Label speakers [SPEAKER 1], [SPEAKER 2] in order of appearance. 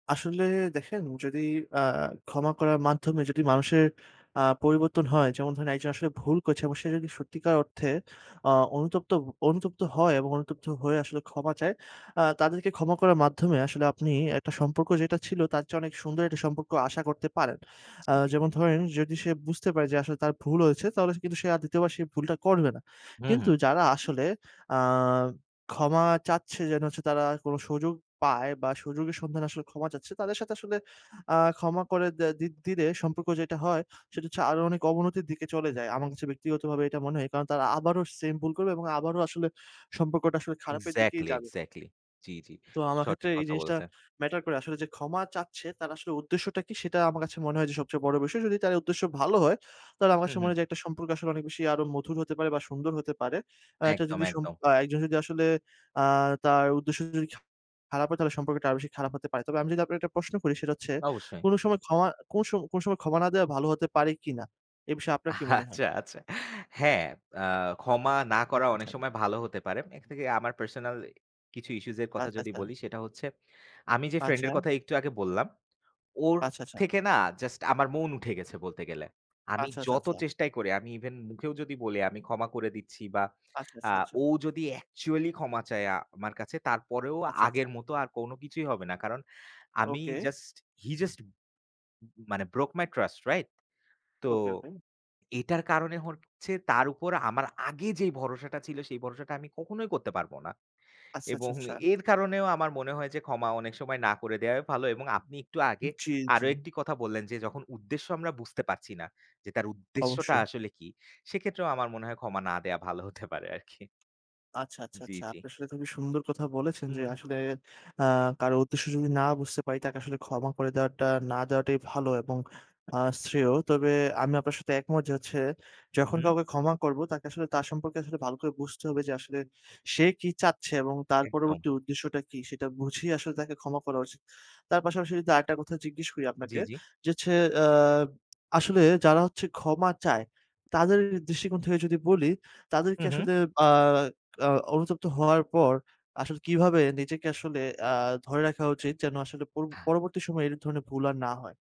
[SPEAKER 1] আসলে দেখেন যদি আ ক্ষমা করার মাধ্যমে যদি মানুষের আ পরিবর্তন হয়, যেমন ধরেন একজন আসলে ভুল করছে। এবং সে যদি সত্যিকার অর্থে আ অনুতপ্ত অনুতপ্ত হয় এবং অনুতপ্ত হয়ে আসলে ক্ষমা চায়। আ তাদেরকে ক্ষমা করার মাধ্যমে আসলে আপনি একটা সম্পর্ক যেটা ছিল, তার চেয়ে অনেক সুন্দর একটা সম্পর্ক আশা করতে পারেন। আ
[SPEAKER 2] জি।
[SPEAKER 1] যেমন ধরেন যদি সে বুঝতে পারে যে আসলে তার ভুল হয়েছে তাহলে কিন্তু সে আর ২য় বার সেই ভুলটা করবে না।
[SPEAKER 2] হু,
[SPEAKER 1] কিন্তু
[SPEAKER 2] হু।
[SPEAKER 1] যারা আসলে আ ক্ষমা চাচ্ছে যেন সে তারা কোন সুযোগ পায় বা সুযোগের সন্ধানে আসলে ক্ষমা চাচ্ছে। তাদের সাথে আসলে আ ক্ষমা করে দা দি দিলে সম্পর্ক যেটা হয়, সেটা হচ্ছে আরো অনেক অবনতির দিকে চলে যায়। আমার কাছে ব্যক্তিগতভাবে এটা মনে হয়। কারণ, তারা আবারো সেম ভুল করবে এবং আবারো আসলে সম্পর্কটা আসলে খারাপের দিকেই
[SPEAKER 2] এক্সাক্টলি,
[SPEAKER 1] যাবে।
[SPEAKER 2] এক্সাক্টলি। জ্বী, জ্বী।
[SPEAKER 1] তো আমার ক্ষেত্রে
[SPEAKER 2] সঠিক
[SPEAKER 1] এই
[SPEAKER 2] কথা
[SPEAKER 1] জিনিসটা
[SPEAKER 2] বলেছেন।
[SPEAKER 1] ম্যাটার করে। আসলে যে ক্ষমা চাচ্ছে তার আসলে উদ্দেশ্যটা কি? সেটা আমার কাছে মনে হয় যে সবচেয়ে বড় বিষয়। যদি তার উদ্দেশ্য ভালো হয়, তাহলে আমার
[SPEAKER 2] হু,
[SPEAKER 1] কাছে মনে
[SPEAKER 2] হু।
[SPEAKER 1] হয় যে একটা সম্পর্ক আসলে অনেক বেশি আরো মধুর হতে পারে বা সুন্দর হতে পারে। আ এটা
[SPEAKER 2] একদম,
[SPEAKER 1] যদি সম
[SPEAKER 2] একদম।
[SPEAKER 1] বা একজন যদি আসলে আ তার উদ্দেশ্য যদ খারাপ হয়, তাহলে সম্পর্কটা আরো বেশি খারাপ হতে পারে। তবে আমি যদি আপনাকে একটা প্রশ্ন করি সেটা হচ্ছে,
[SPEAKER 2] অবশ্যই।
[SPEAKER 1] কোন সময় ক্ষমা কোন সো কোন সময় ক্ষমা না দেওয়া ভালো হতে পারে কিনা? এ বিষয়ে আপনার কি মনে হয়?
[SPEAKER 2] আচ্ছা, আচ্ছা হ্যাঁ, আ ক্ষমা না করা
[SPEAKER 1] হাতটা
[SPEAKER 2] অনেক
[SPEAKER 1] ছাড়।
[SPEAKER 2] সময় ভালো হতে পারে। এর থেকে আমার পার্সোনাল কিছু ইস্যুজ এর কথা
[SPEAKER 1] আচ্ছা,
[SPEAKER 2] যদি
[SPEAKER 1] আচ্ছা।
[SPEAKER 2] বলি সেটা হচ্ছে, আমি যে
[SPEAKER 1] আচ্ছা।
[SPEAKER 2] ফ্রেন্ডের কথা একটু আগে বললাম, ওর
[SPEAKER 1] আচ্ছা, আচ্ছা।
[SPEAKER 2] থেকে না জাস্ট আমার মন উঠে গেছে বলতে গেলে। আমি
[SPEAKER 1] আচ্ছা, আচ্ছা,
[SPEAKER 2] যত
[SPEAKER 1] আচ্ছা।
[SPEAKER 2] চেষ্টাই করি। আমি ইভেন মুখেও যদি বলি আমি ক্ষমা করে দিচ্ছি। বা
[SPEAKER 1] আচ্ছা,
[SPEAKER 2] আ
[SPEAKER 1] আচ্ছা, আচ্ছা।
[SPEAKER 2] ও যদি অ্যাকচুয়ালি ক্ষমা চায় আ আমার কাছে, তারপরেও
[SPEAKER 1] আচ্ছা,
[SPEAKER 2] আগের
[SPEAKER 1] আচ্ছা।
[SPEAKER 2] মত আর কোন কিছুই হবে না। কারণ আমি
[SPEAKER 1] ওকে।
[SPEAKER 2] just he just মানে broke my trust right তো,
[SPEAKER 1] ওকে, ওকে।
[SPEAKER 2] এটার কারণে হচ্ছে তার উপর আমার আগে যে ভরসাটা ছিল, সেই ভরসাটা আমি কখনোই করতে পারবো না।
[SPEAKER 1] আচ্ছা, আচ্ছা,
[SPEAKER 2] এবং
[SPEAKER 1] আচ্ছা।
[SPEAKER 2] এর কারণেও আমার মনে হয় যে ক্ষমা অনেক সময় না করে দেয়াই ভালো। এবং আপনি একটু আগে
[SPEAKER 1] জ্বী,
[SPEAKER 2] আরো
[SPEAKER 1] জ্বী।
[SPEAKER 2] একটি কথা বললেন যে যখন উদ্দেশ্য আমরা বুঝতে পারছি না। যে তার উদ্দেশ্যটা
[SPEAKER 1] অবশ্যই।
[SPEAKER 2] আসলে কি? সেক্ষেত্রেও আমার মনে হয় ক্ষমা না দেওয়া ভালো হতে পারে আরকি।
[SPEAKER 1] আচ্ছা, আচ্ছা,
[SPEAKER 2] জ্বী,
[SPEAKER 1] আচ্ছা।
[SPEAKER 2] জ্বী।
[SPEAKER 1] আপনি আসলে খুবই সুন্দর কথা বলেছেন, যে
[SPEAKER 2] হুম।
[SPEAKER 1] আসলে আ কারো উদ্দেশ্য যদি না বুঝতে পারি তাকে আসলে ক্ষমা করে দেওয়াটা না দেওয়াটাই ভালো। এবং আ শ্রেয়। তবে আমি আপনার সাথে একমত যে হচ্ছে,
[SPEAKER 2] হু,
[SPEAKER 1] যখন
[SPEAKER 2] হু।
[SPEAKER 1] কাউকে ক্ষমা করব তাকে আসলে তার সম্পর্কে আসলে ভাল করে বুঝতে হবে যে আসলে সে কি চাচ্ছে? এবং তার
[SPEAKER 2] একদম।
[SPEAKER 1] পরবর্তী উদ্দেশ্যটা কী সেটা বুঝেই আসলে তাকে ক্ষমা করা উচিত। তার পাশাপাশি যদি আরেকটা কথা জিজ্ঞেস করি আপনাকে।
[SPEAKER 2] জ্বী, জ্বী।
[SPEAKER 1] যে হচ্ছে আ আসলে যারা হচ্ছে ক্ষমা চায়, তাদের দৃষ্টিকোণ থেকে যদি বলি,
[SPEAKER 2] হু,
[SPEAKER 1] তাদেরকে
[SPEAKER 2] হু।
[SPEAKER 1] আসলে আ অ অনুতপ্ত হওয়ার পর আসলে কিভাবে নিজেকে আসলে আ ধরে রাখা উচিত? যেন আসলে পু পরবর্তী সময়ে এই ধরনের ভুল আর না হয়।